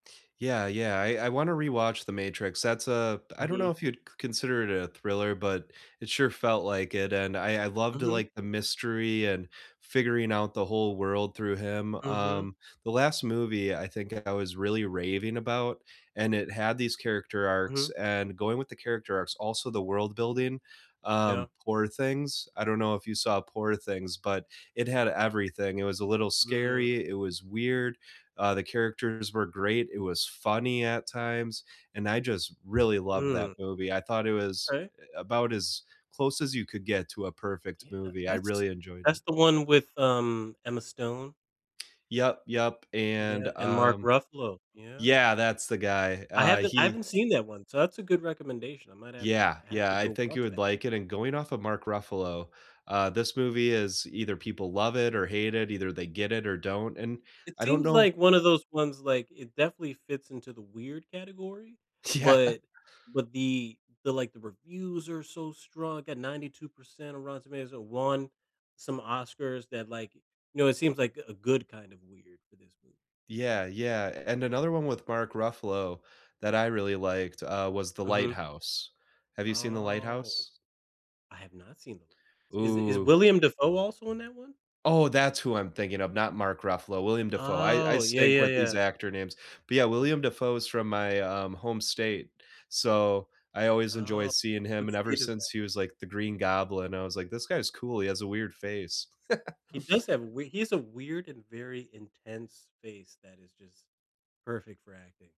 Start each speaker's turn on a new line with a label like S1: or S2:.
S1: Yeah, yeah, I I wanna rewatch The Matrix. That's a I don't know
S2: Mhm.
S1: if you'd c consider it a thriller, but it sure felt like it, and I I loved the,
S2: Mhm.
S1: like, the mystery and figuring out the whole world through him.
S2: Mhm.
S1: Um, the last movie, I think I was really raving about, and it had these character arcs,
S2: Mhm.
S1: and going with the character arcs, also the world building,
S2: Yeah.
S1: um, Poor Things, I don't know if you saw Poor Things, but it had everything. It was a little
S2: Mm.
S1: scary, it was weird, uh, the characters were great, it was funny at times, and I just really loved that
S2: Mm.
S1: movie, I thought it was,
S2: Right.
S1: eh, about as close as you could get to a perfect
S2: Yeah.
S1: movie. I
S2: That's
S1: really enjoyed it.
S2: that's the one with, um, Emma Stone?
S1: Yep. Yep. And,
S2: Yeah, and Mark
S1: um
S2: Ruffalo. Yeah.
S1: yeah, that's the guy.
S2: I
S1: Uh,
S2: haven't I
S1: he
S2: haven't seen that one, so, that's a good recommendation. I might have to
S1: Yeah.
S2: I have to
S1: Yeah, I
S2: go
S1: think you
S2: watch
S1: would
S2: that
S1: like it. And
S2: actually.
S1: going off of Mark Ruffalo, uh, this movie is either people love it or hate it, either they get it or don't, and
S2: It
S1: I don't
S2: seems
S1: know
S2: like one of those ones like it definitely fits into the weird category,
S1: Yeah.
S2: but but the the like, the reviews are so strong, like, at 92% of Rotten Tomatoes, won some Oscars that like, you know, it seems like a good kind of weird for this movie.
S1: Yeah. Yeah, and another one with Mark Ruffalo that I really liked, uh, was The
S2: Mhm.
S1: Lighthouse. Have you seen The
S2: Oh,
S1: Lighthouse?
S2: I have not seen The Lighthouse. Is is
S1: Ooh.
S2: William Dafoe also in that one?
S1: Oh, that's who I'm thinking of, not Mark Ruffalo, William Dafoe. I I
S2: Oh, yeah,
S1: stink
S2: yeah,
S1: with these
S2: yeah.
S1: actor names, but, yeah, William Dafoe is from my, um, home state. So, I always enjoy
S2: Oh,
S1: seeing him
S2: what
S1: and ever
S2: state is that?
S1: since he was like the Green Goblin, I was like, "This guy is cool. He has a weird face."
S2: He does have we he has a weird and very intense face that is just perfect for acting.